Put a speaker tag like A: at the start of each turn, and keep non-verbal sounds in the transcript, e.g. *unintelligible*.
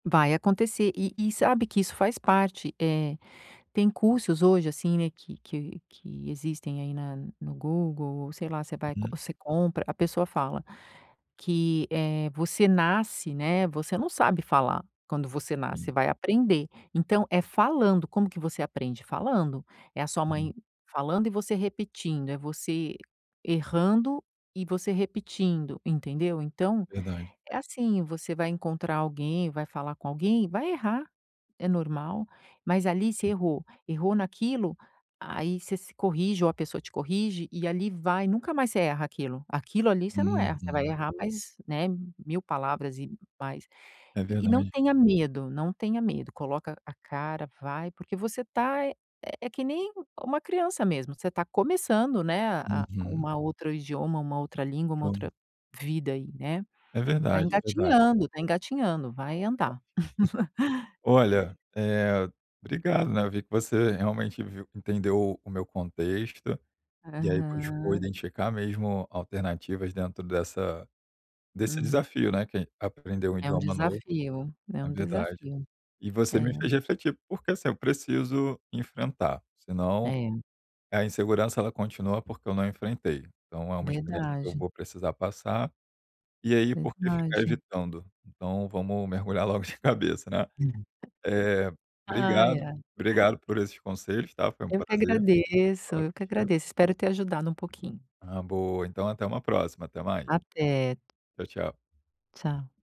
A: Vai acontecer, e e sabe que isso faz parte, eh, tem cursos hoje, assim, né, que que que existem aí na no Google ou sei lá você vai
B: Uhum.
A: você compra, a pessoa fala que, eh, você nasce, né, você não sabe falar, quando você nasce, você
B: Hum.
A: vai aprender, então é falando, como que você aprende? Falando. É a sua
B: Uhum.
A: mãe falando e você repetindo, é você errando e você repetindo, entendeu? Então
B: Verdade.
A: é assim, você vai encontrar alguém vai falar com alguém, vai errar. É normal. Mas ali você
B: Hum.
A: errou. Errou naquilo, aí você se corrige, ou a pessoa te corrige e ali vai, nunca mais você erra aquilo. Aquilo ali você não erra. Você vai
B: Uhum.
A: errar mais, né, 1000 palavras e mais
B: É
A: e e não
B: verdade.
A: tenha medo, não tenha medo, coloca a cara vai, porque você tá, eh, é que nem uma criança mesmo, você tá começando, né, a a
B: Uhum.
A: uma outro idioma, uma outra língua, uma
B: Como.
A: outra vida aí, né?
B: É
A: Tá
B: verdade, é verdade.
A: engatinhando, tá engatinhando.
B: Na verdade.
A: Vai
B: *chuckles*
A: andar. *laughs*
B: Olha, eh, obrigado, né, eu vi que você realmente viu entendeu o meu contexto, e aí buscou
A: Aham.
B: identificar mesmo alternativas dentro dessa desse
A: Uhum.
B: desafio, né, que é aprender um
A: É um
B: idioma novo
A: desafio, é
B: é
A: um
B: verdade.
A: desafio.
B: E você me
A: É.
B: fez refletir, porque assim, eu preciso enfrentar, senão
A: É.
B: a insegurança ela continua porque eu não enfrentei. Então é uma experiência que eu
A: Verdade.
B: vou precisar passar, e aí por que ficar
A: Verdade.
B: evitando? Então vamos mergulhar logo de cabeça, né?
A: *unintelligible*
B: Eh,
A: Ai,
B: obrigado,
A: é.
B: obrigado por esses conselhos, tá? Foi um
A: Eu que
B: prazer,
A: agradeço,
B: falar
A: eu que
B: contigo.
A: agradeço, espero ter ajudado um pouquinho.
B: Ah, boa. Então até uma próxima, até mais.
A: Até.
B: Tchau, tchau.
A: Tchau.